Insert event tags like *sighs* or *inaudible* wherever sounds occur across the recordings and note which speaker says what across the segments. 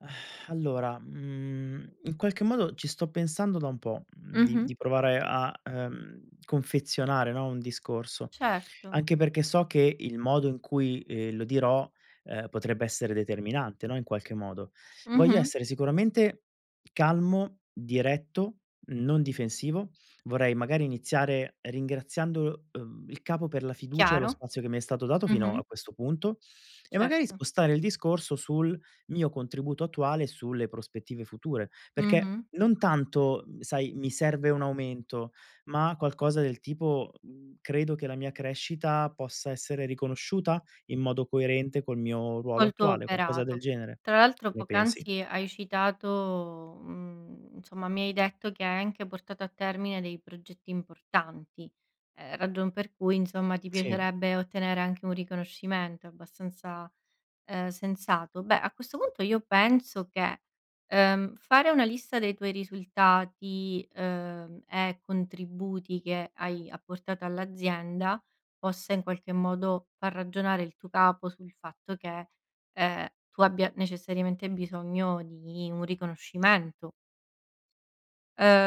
Speaker 1: *sighs* Allora, mhmm, in qualche modo ci sto pensando da un po', mhmm, di
Speaker 2: Mh-mh.
Speaker 1: di provare a, uhm, confezionare, no, un discorso.
Speaker 2: Certo.
Speaker 1: Anche perché so che il modo in cui, ehm, lo dirò, ehm, potrebbe essere determinante, no, in qualche modo. Voglio
Speaker 2: Mh-mh.
Speaker 1: essere sicuramente calmo, diretto, non difensivo. Vorrei magari iniziare ringraziando, uhm, il capo per la fiducia e lo
Speaker 2: Chiaro.
Speaker 1: spazio che mi è stato dato fino
Speaker 2: Mh-mh.
Speaker 1: a questo punto, e magari,
Speaker 2: Certo.
Speaker 1: spostare il discorso sul mio contributo attuale sulle prospettive future; perché
Speaker 2: Mh-mh.
Speaker 1: non tanto, mhmm, sai, mi serve un aumento, ma qualcosa del tipo, mhmm, credo che la mia crescita possa essere riconosciuta? In modo coerente col mio ruolo
Speaker 2: Molto
Speaker 1: attuale, qualcosa del
Speaker 2: oberato.
Speaker 1: genere.
Speaker 2: Tra l'altro
Speaker 1: Che ne pensi?
Speaker 2: poc'anzi hai citato, mhmm, insomma mi hai detto che hai anche portato a termine dei progetti importanti, ehm, ragion per cui insomma ti
Speaker 1: Sì.
Speaker 2: piacerebbe ottenere anche un riconoscimento, è abbastanza, ehm, sensato. Beh, a questo punto io penso che, ehm, fare una lista dei tuoi risultati, ehm, e contributi che hai apportato all'azienda, possa in qualche modo far ragionare il tuo capo sul fatto che, ehm, tu abbia necessariamente bisogno di un riconoscimento.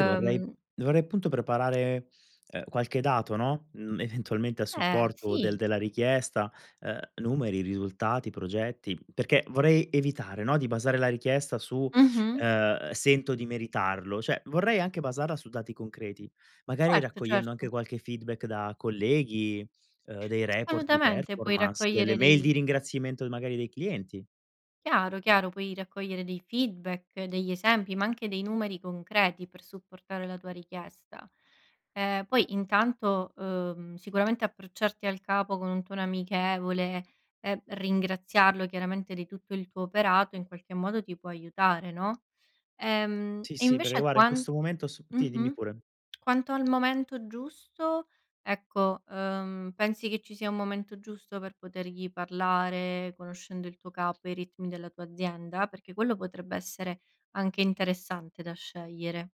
Speaker 1: Io vorrei dovrei appunto preparare, ehm, qualche dato, no, mhmm, eventualmente a
Speaker 2: Eh,
Speaker 1: supporto del
Speaker 2: sì.
Speaker 1: della richiesta, uhm, numeri, risultati, progetti, perché vorrei evitare, no, di basare la richiesta su,
Speaker 2: Mh-mh.
Speaker 1: ehm: "Sento di meritarlo." Cioè vorrei anche basarla su dati concreti, magari
Speaker 2: Certo,
Speaker 1: raccogliendo
Speaker 2: certo.
Speaker 1: anche qualche feedback da colleghi, uhm, dei report di
Speaker 2: Assolutamente, puoi
Speaker 1: performance, delle
Speaker 2: raccogliere
Speaker 1: mail
Speaker 2: degli
Speaker 1: di ringraziamento magari dei clienti.
Speaker 2: Chiaro, chiaro, puoi raccogliere dei feedback, degli esempi, ma anche dei numeri concreti per supportare la tua richiesta. Ehm, poi intanto, uhm, sicuramente approcciarti al capo con un tono amichevole e, mhmm, ringraziarlo chiaramente di tutto il tuo operato, in qualche modo ti può aiutare, no? Ehm,
Speaker 1: Sì,
Speaker 2: e
Speaker 1: sì, perché
Speaker 2: invece
Speaker 1: guarda in
Speaker 2: quan
Speaker 1: questo momento s ti,
Speaker 2: mh-mh,
Speaker 1: dimmi pure.
Speaker 2: quanto al momento giusto, ecco, uhm, pensi che ci sia un momento giusto per potergli parlare, conoscendo il tuo capo e i ritmi della tua azienda? Perché quello potrebbe essere anche interessante da scegliere.